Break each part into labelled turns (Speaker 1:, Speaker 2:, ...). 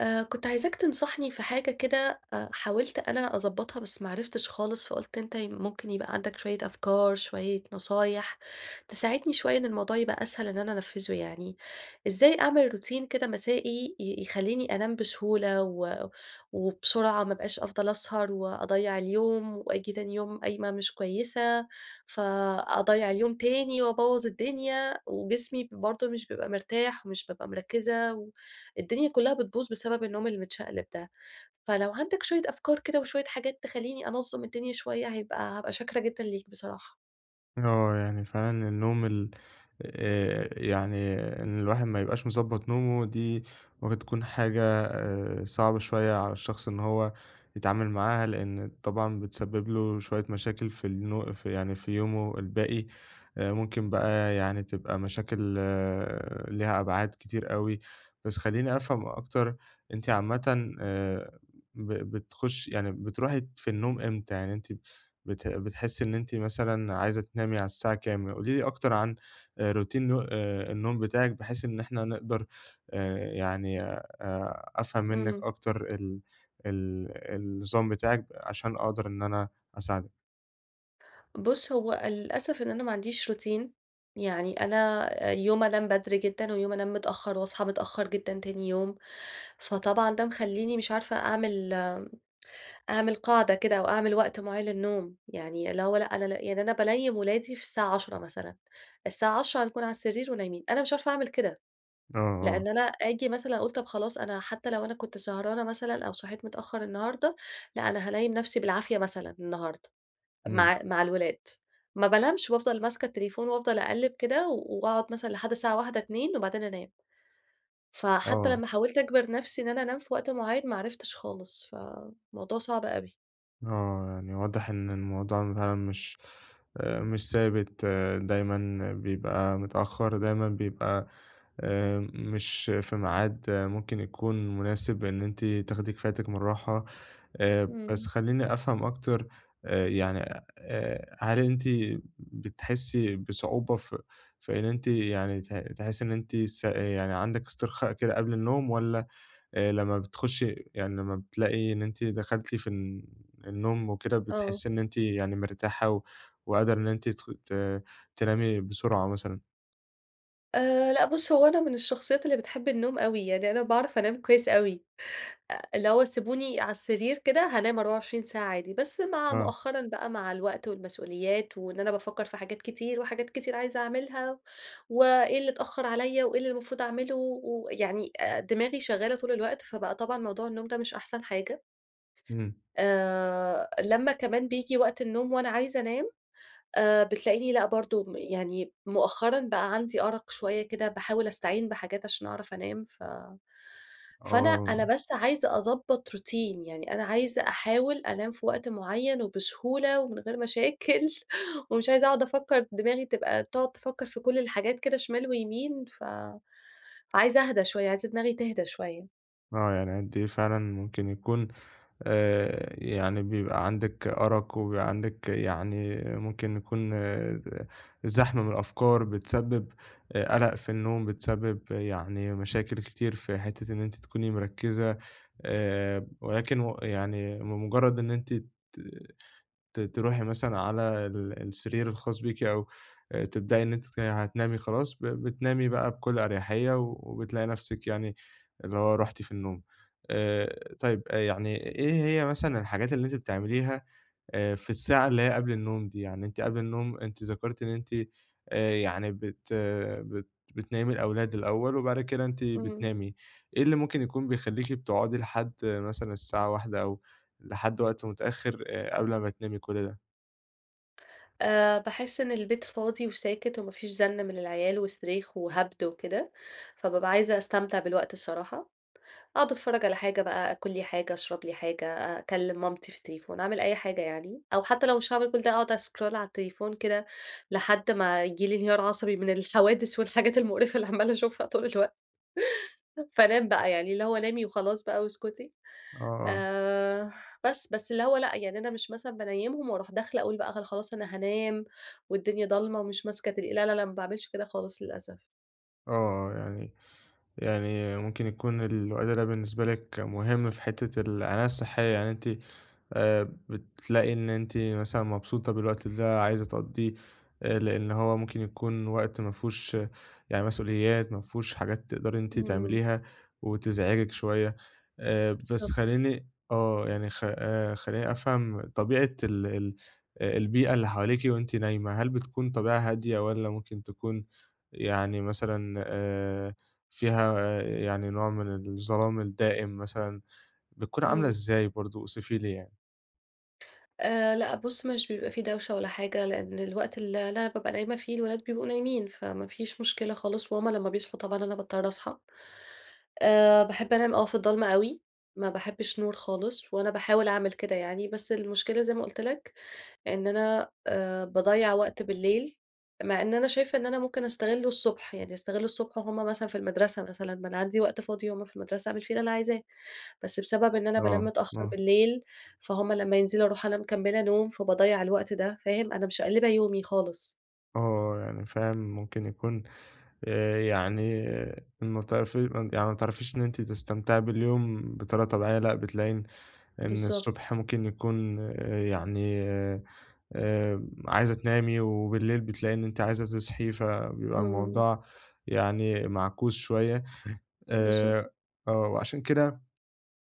Speaker 1: آآ، كنت عايزاك تنصحني في حاجة كده حاولت أنا أضبطها بس ما عرفتش خالص. فقلت أنت ممكن يبقى عندك شوية أفكار، شوية نصايح تساعدني شوية إن الموضوع يبقى أسهل إن أنا أنفذُه يعني. إزاي أعمل روتين كده مسائي ي يخليني أنام بسهولة و وبسرعة ما ابقاش افضل اسهر واضيع اليوم، وآجي تاني يوم قايمة مش كويسة فأضيَّع اليوم تاني وابوَّظ الدنيا، وجسمي برضه مش بيبقى مرتاح ومش بابقى مركزّة و الدنيا كلها بتبوظ بسبب النوم المتشقلِب ده، فلو عندك شوية أفكار كده وشوية حاجات تخليني أنظَّم الدنيا شوية، هيبقى هابقى شاكرة جدًا ليك بصراحة.
Speaker 2: آه يعني فعلًا النوم ال آآ، يعني إن الواحد ما يبقاش مضبَّط نومه دي ممكن تكون حاجة صعبة شوية على الشخص إن هو يتعامل معاها، لأن طبعًا بتسبِّب له شوية مشاكل في النو في يعني في يومه الباقي، ممكن بقى يعني تبقى مشاكل ليها أبعاد كتير أوي. بس خليني أفهم أكتر أنتِ عامةً آآ ب بتخشي يعني بتروحي في النوم إمتى، يعني أنتِ بت بتحسّي إن أنتِ مثلًا عايزة تنامي على الساعة كام؟ قولي لي أكتر عن روتين نو الن النوم بتاعِك بحيث إن إحنا نقدر آآ، يعني أ أفهم منِّك
Speaker 1: إمم.
Speaker 2: أكتر ال ال النظام بتاعِك عشان أقدر إن أنا أساعدِك.
Speaker 1: بُص هو للأسف إن أنا ما عنديش روتين يعني أنا يوم أنام بدري جدًا ويوم أنام متأخّر وأصحى متأخّر جدًا تاني يوم، فطبعًا ده مخليني مش عارفة أعمل أعمل قاعدة كده أو أعمل وقت معيّن للنوم، يعني اللي هو لأ أنا يعني أنا بانيِّم ولادي في الساعة 22:00 مثلًا، الساعة 22:00 هنكون على السرير ونايمين، أنا مش عارفة أعمل كده،
Speaker 2: آه، آه.
Speaker 1: لأن أنا آجي مثلًا أقول طب خلاص أنا حتّى لو أنا كنت سهرانة مثلًا أو صحيت متأخّر النهارده لأ، أنا هانيم نفسي بالعافية مثلًا النهارده
Speaker 2: امم.
Speaker 1: مع مع الولاد، ما بانمش وأفضل ماسكة التليفون وأفضل أقلَِب كده وأقعد مثلًا لحد الساعة 01:00، 02:00 وبعدين أنام. فحتى
Speaker 2: آه.
Speaker 1: لما حاولت أجبر نفسي إن أنا أنام في وقت معين ما عرفتش خالص. فموضوع صعب أوي.
Speaker 2: آه يعني واضح إن الموضوع فعلًا مش آآ مش ثابت، دايمًا بيبقى متأخّر، دايمًا بيبقى آآ مش في ميعاد ممكن يكون مناسب إن أنتِ تاخدي كفايتِك من الراحة، آآ بس
Speaker 1: امم.
Speaker 2: خلّيني أفهم أكتر آآ يعني آآ هل أنتِ بتحسّي بصعوبة ف في إن أنتِ يعني ت تحسّي إن أنتِ س يعني عندِك استرخاء كده قبل النوم والّا آآ لمّا بتخشي يعني لمّا بتلاقي إن أنتِ دخلتِ في ال النوم وكده
Speaker 1: آه.
Speaker 2: بتحسّي إن أنتِ يعني مرتاحة وقادرة إن أنتِ تخ ت تنامي بسرعة مثلًا؟
Speaker 1: آآ، لأ بُص هو أنا من الشخصيّات اللي بتحبّ النوم أوي، يعني أنا باعرف أنام كويّس أوي، آآ اللي هو سيبوني على السرير كده هانام 24 ساعة عادي، بس مع
Speaker 2: آه.
Speaker 1: مؤخرًا بقى مع الوقت والمسؤوليات وإن أنا بافكّر في حاجات كتير وحاجات كتير عايزة أعملها و إيه اللي تأخّر عليَّ وإيه اللي المفروض أعمله ويعني دماغي شغّالة طول الوقت، فبقى طبعًا موضوع النوم ده مش أحسن حاجة.
Speaker 2: إمم.
Speaker 1: آآ، لمّا كمان بييجي وقت النوم وأنا عايزة أنام آآ، بتلاقيني لأ برضو م يعني مؤخرًا بقى عندي أرق شويّة كده باحاول أستعين بحاجات عشان أعرف أنام ف فأنا
Speaker 2: آه.
Speaker 1: أنا بس عايزة أظبط روتين يعني أنا عايزة أحاول أنام في وقت معيّن وبسهولة ومن غير مشاكل ومش عايزة أقعد أفكّر دماغي تبقى تقعد تفكّر في كل الحاجات كده شمال ويمين فعايزة أهدى شويّة عايزة دماغي تهدى شويّة.
Speaker 2: آه يعني أنتِ فعلًا ممكن يكون آآ يعني بيبقى عندِك أرق وبيبقى عندِك يعني ممكن يكون زحمة من الأفكار بتسبب قلق في النوم، بتسبب يعني مشاكل كتير في حتّة إن أنتِ تكوني مركزة آآ ولكن و يعني بمجرّد إن أنتِ ت ت تروحي مثلًا على ال السرير الخاص بيكِ أو تبدئي إن أنتِ تن هتنامي خلاص ب بتنامي بقى بكل أريحية وبتلاقي نفسِك يعني اللي هو رُحتِ في النوم. آآ طيّب يعني إيه هي مثلًا الحاجات اللي أنتِ بتعمليها آآ، في الساعة اللي هي قبل النوم دي؟ يعني أنتِ قبل النوم أنتِ ذكرتِ إن أنتِ يعني بت بت بتنيمي الأولاد الأوّل وبعد كده أنتِ
Speaker 1: إمم.
Speaker 2: بتنامي، إيه اللي ممكن يكون بيخليكِ بتقعدي لحد مثلًا الساعة 01:00 أو لحد وقت متأخّر قبل ما تنامي كل ده؟
Speaker 1: آآ باحس إن البيت فاضي وساكت وما فيش زن من العيال وصريخ وهبد وكده، فبابقى عايزة أستمتع بالوقت الصراحة، أقعد أتفرّج على حاجة بقى، أكل لي حاجة، أشرب لي حاجة، أكلم مامتي في التليفون، أعمل أي حاجة يعني، أو حتّى لو مش هاعمل كل ده أقعد أسكرول على التليفون كده لحد ما ييجي لي انهيار عصبي من الحوادث والحاجات المقرفة اللي عمّالة أشوفها طول الوقت فانام بقى، يعني اللي هو نامي وخلاص بقى واسكتي،
Speaker 2: آه، آه.
Speaker 1: آآ بس. بس اللي هو لأ يعني أنا مش مثلًا بانيمهم وأروح داخلة أقول بقى خ خلاص أنا هانام والدنيا ضلمة ومش ماسكة تلي لا لا لأ ما باعملش كده خالص للأسف.
Speaker 2: آه، آه يعني يعني ممكن يكون الوقت ده بالنسبة لِك مهم في حتّة العناية الصحية، يعني أنتِ آآ بتلاقي إن أنتِ مثلًا مبسوطة بالوقت ده عايزة تقضِّيه آآ لأن هو ممكن يكون وقت ما فيهوش يعني مسؤوليات، مافيهوش حاجات تقدري إن أنتِ
Speaker 1: إمم.
Speaker 2: تعمليها وتزعجِك شويّة، آآ بس
Speaker 1: بالضبط.
Speaker 2: خلّيني آه يعني خ آآ خلّيني أفهم طبيعة ال ال البيئة اللي حواليكِ وأنتِ نايمة، هل بتكون طبيعة هادية والّا ممكن تكون يعني مثلًا آآ فيها يعني نوع من الظلام الدائم مثلًا بتكون عاملة
Speaker 1: إمم.
Speaker 2: إزاي برضو؟ أوصفي لي يعني.
Speaker 1: آآ، لأ، بُصّ، مش بيبقى في دوشة ولا حاجة، لأن الوقت ال اللي أنا بابقى نايمة فيه الولاد بيبقوا نايمين، فما فيش مشكلة خالص، وهُم لما بيصحوا طبعًا أنا باضطر أصحى. آآ، باحب أنام آه في الضلمة أوي، ما باحبش نور خالص، وأنا باحاول أعمل كده يعني، بس المشكلة زي ما قُلت لك إن أنا آآ، باضيّع وقت بالليل، مع إن أنا شايفة إن أنا ممكن أستغله الصبح، يعني أستغل الصبح وهُم مثلًا في المدرسة، مثلًا ما أنا عندي وقت فاضي وهُم في المدرسة أعمل فيه اللي أنا عايزاه. بس بسبب إن أنا بانام
Speaker 2: آه،
Speaker 1: متأخر
Speaker 2: آه.
Speaker 1: بالليل، فهُم لما ينزلوا أروح أنا مكملة نوم، فباضيّع الوقت ده، فاهم؟ أنا مشقلبة يومي خالص.
Speaker 2: آه، يعني فاهم، ممكن يكون آآ، يعني م ت في يعني ما تعرفيش إن أنتِ تستمتعي باليوم بطريقة طبيعية، لأ، بتلاقي إن إن
Speaker 1: بالضبط.
Speaker 2: الصبح ممكن يكون يعني آآ، عايزة تنامي، وبالليل بتلاقي إن أنتِ عايزة تصحي، فبيبقى
Speaker 1: إمم.
Speaker 2: الموضوع يعني معكوس شوية.
Speaker 1: بالضبط.
Speaker 2: آآ آه، وعلشان كده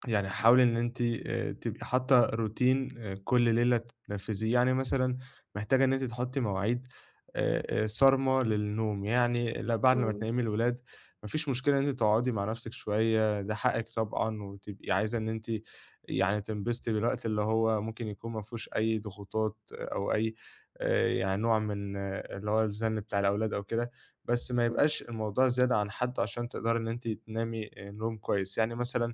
Speaker 2: يعني حاولي إن أنتِ آآ، تبقي حاطة روتين كل ليلة تنفذيه، يعني مثلًا محتاجة إن أنتِ تحطي مواعيد آآ آآ، صارمة للنوم. يعني ل بعد ما
Speaker 1: إمم.
Speaker 2: تنيِّمي الولاد، ما فيش مشكلة إن أنتِ تقعدي مع نفسك شوية، ده حقِّك طبعًا، وتبقي عايزة إن أنتِ يعني تنبسطي بالوقت، اللي هو ممكن يكون ما فيهوش أي ضغوطات أو أي آآ، يعني نوع من اللي هو الزن بتاع الأولاد أو كده. بس ما
Speaker 1: امم.
Speaker 2: يبقاش الموضوع زيادة عن حده علشان تقدري إن أنتِ تنامي نوم كويس. يعني مثلًا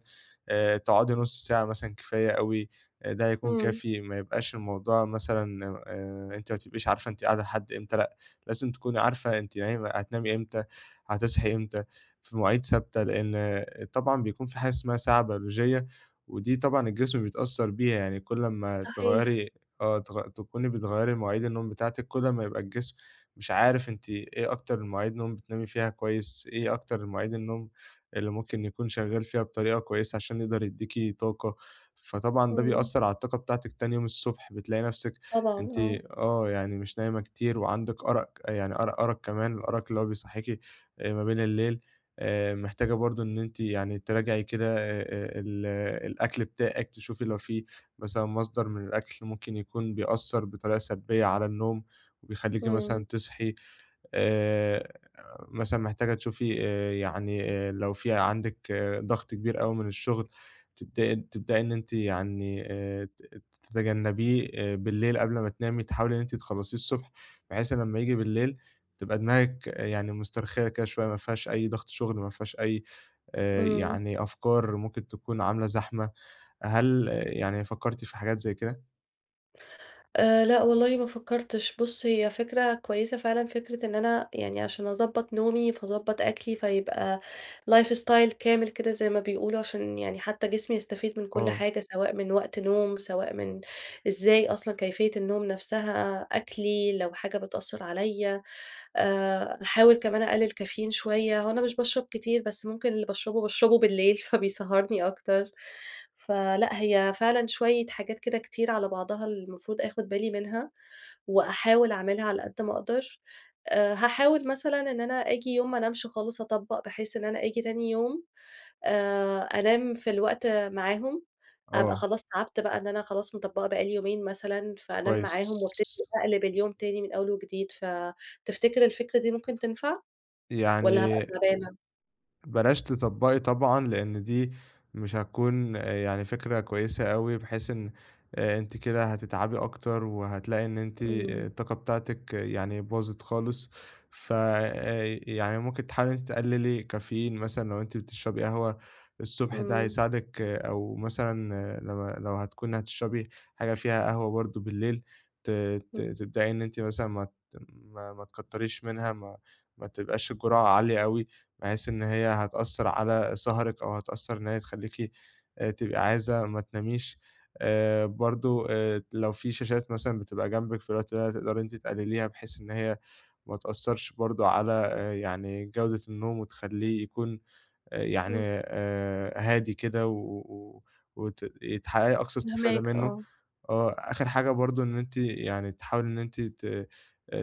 Speaker 2: آآ، تقعدي نص ساعة مثلًا كفاية أوي، ده هيكون
Speaker 1: إمم.
Speaker 2: كافي، ما يبقاش الموضوع مثلًا آآ، أنتِ ما تبقيش عارفة أنتِ قاعدة لحد إمتى، لأ، لازم تكوني عارفة أنتِ نايمة هتنامي إمتى، هتصحي إمتى، في مواعيد ثابتة؛ لأن طبعًا بيكون في حاجة اسمها ساعة بيولوجية، ودي طبعًا الجسم بيتأثر بيها، يعني كل اما
Speaker 1: صحيح.
Speaker 2: تغيري آه، تغ تكوني بتغيري مواعيد النوم بتاعتِك، كل اما يبقى الجسم مش عارف أنتِ إيه أكتر المواعيد نوم بتنامي فيها كويس؟ إيه أكتر المواعيد النوم اللي ممكن يكون شغال فيها بطريقة كويسة علشان يقدر يديكِ طاقة؟ فطبعًا ده
Speaker 1: إمم.
Speaker 2: بيأثر على الطاقة بتاعتِك تاني يوم الصبح، بتلاقي نفسِك
Speaker 1: طبعًا
Speaker 2: أنتِ
Speaker 1: آه.
Speaker 2: آه، يعني مش نايمة كتير وعندِك أرق، يعني أر أرق كمان الأرق اللي هو بيصحيكِ آآ ما بين الليل. آآ، محتاجة برضو إن أنتِ يعني تراجعي كده آآ، ال الأكل بتاعِك، تشوفي لو في مثلًا مصدر من الأكل ممكن يكون بيأثّر بطريقة سلبية على النوم وبيخليكِ
Speaker 1: إمم.
Speaker 2: مثلًا تصحي. آآ، مثلًا محتاجة تشوفي آآ، يعني آآ، لو في عندِك ضغط كبير أوي من الشغل، تبدأ تبدئي إن أنتِ يعني آآ، تت تتجنبيه بالليل قبل ما تنامي، تحاولي إن أنتِ تخلصيه الصبح بحيث لمّا ييجي بالليل تبقى دماغِك يعني مسترخية كده شوية، ما فيهاش أي ضغط شغل، ما فيهاش أي آآ،
Speaker 1: إمم.
Speaker 2: يعني أفكار ممكن تكون عاملة زحمة، هل يعني فكرتِ في حاجات زي كده؟
Speaker 1: آآ، لأ والله ما فكرتش، بُصّ، هي فكرة كويسة فعلًا، فكرة إن أنا يعني علشان أضبّط نومي فاضبّط أكلي، فيبقى life style كامل كده زي ما بيقولوا، علشان يعني حتى جسمي يستفيد من كل
Speaker 2: آه.
Speaker 1: حاجة، سواء من وقت نوم، سواء من إزاي أصلًا كيفية النوم نفسها، أكلي لو حاجة بتأثّر عليَّ. آآ، باحاول كمان أقلل كافيين شوية، هو أنا مش باشرب كتير، بس ممكن اللي باشربه باشربه بالليل فبيسهّرني أكتر، فلأ هي فعلًا شوية حاجات كده كتير على بعضها المفروض آخُد بالي منها، وأحاول أعملها على قدّ ما أقدر. آآ، هاحاول مثلًا إن أنا آجي يوم ما انامش خالص، أطبّق بحيث إن أنا آجي تاني يوم آآ، أنام في الوقت معاهم، أبقى
Speaker 2: آه.
Speaker 1: خلاص تَعبت بقى إن أنا خلاص مطبّقة بقى لي يومين مثلًا، فأنام
Speaker 2: كويس.
Speaker 1: معاهم [unintelligible] فاقلِب اليوم تاني من أول وجديد، فتفتكر الفكرة دي ممكن تنفع، والّا هابقى
Speaker 2: يعني
Speaker 1: تعبانة؟
Speaker 2: بلاش تطبَّقي طبعًا؛ لأن دي مش هتكون يعني فكرة كويسة أوي، بحيث إن آآ، أنتِ كده هتتعبي أكتر وهتلاقي إن أنتِ آآ،
Speaker 1: إمم.
Speaker 2: الطاقة بتاعتِك يعني باظِت خالص. ف آآ، يعني ممكن تحاولي إن أنتِ تقلّلي كافيين مثلًا لو أنتِ بتشربي قهوة الصبح ده
Speaker 1: إمم.
Speaker 2: هيساعدِك، أو مثلًا لو لو هتكوني هتشربي حاجة فيها قهوة برضو بالليل، ت
Speaker 1: م
Speaker 2: ت تبدئي إن أنتِ مثلًا ما ت ما ما تكتّريش منها، ما ما تبقاش الجرعة عالية أوي، بحيث إن هي هتأثّر على سَهرِك أو هتأثّر إن هي تخليكِ آآ، تبقى عايزة ما تناميش. آآ، برضو آآ، ت لو في شاشات مثلًا بتبقى جنبِك في الوقت ده تقدري أنتِ تِقَلليها، بحيث إن هي ما تأثّرش برضو على يعني جودة النوم وتخلّيه يكون آآ يعني
Speaker 1: إمم.
Speaker 2: آآ، هادي كده و وت ي تحققي أقصى استفادة
Speaker 1: فاهماك
Speaker 2: منه.
Speaker 1: آه.
Speaker 2: آه، آخر حاجة برضو إن أنتِ يعني تحاولي إن أنتِ ت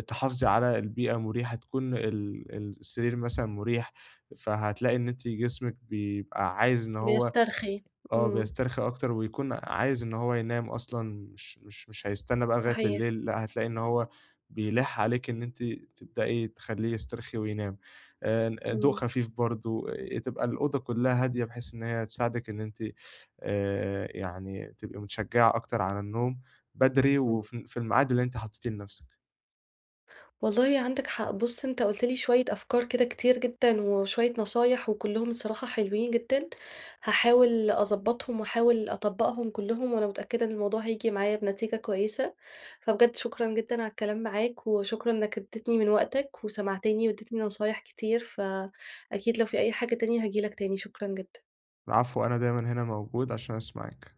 Speaker 2: تحافظي على البيئة مُريحة، تكون ال السرير مثلًا مُريح، فهتلاقي إن أنتِ جسمِك بيبقى عايز إن هو
Speaker 1: بيسترخي
Speaker 2: آه،
Speaker 1: إمم.
Speaker 2: بيسترخي أكتر، ويكون عايز إن هو ينام أصلًا، مش مش مش هيستنى بقى لغاية
Speaker 1: صحيح.
Speaker 2: الليل، لأ، هتلاقي إن هو بيلِحّ عليكِ إن أنتِ تبدئي تخلّيه يسترخي وينام. آآ ن أ ضوء
Speaker 1: إمم.
Speaker 2: خفيف برضو تبقى الأوضة كلها هادية، بحيث إن هي تساعدِك إن أنتِ آآ، يعني تبقى مِتشجّعة أكتر على النوم بدري
Speaker 1: إمم.
Speaker 2: وفي في المعاد اللي أنتِ حطّيتيه لنفسِك.
Speaker 1: والله عندك حق، بُصّ، أنت قُلت لي شوية أفكار كده كتير جدًا وشوية نصايح، وكلهم الصراحة حلوين جدًا، هاحاول أضبّطهم وأحاول أطبّقهم كلهم، وأنا متأكدة إن الموضوع هييجي معايا بنتيجة كويسة، فبجد شكرًا جدًا على الكلام معاك، وشكرًا إنك ادّتني من وقتك وسمعتني وادّيتني نصايح كتير، فأكيد لو في أي حاجة تانية هاجي لك تاني، شكرًا جدًا.
Speaker 2: العفو أنا دايمّا هنا موجود عشان اسمعِك.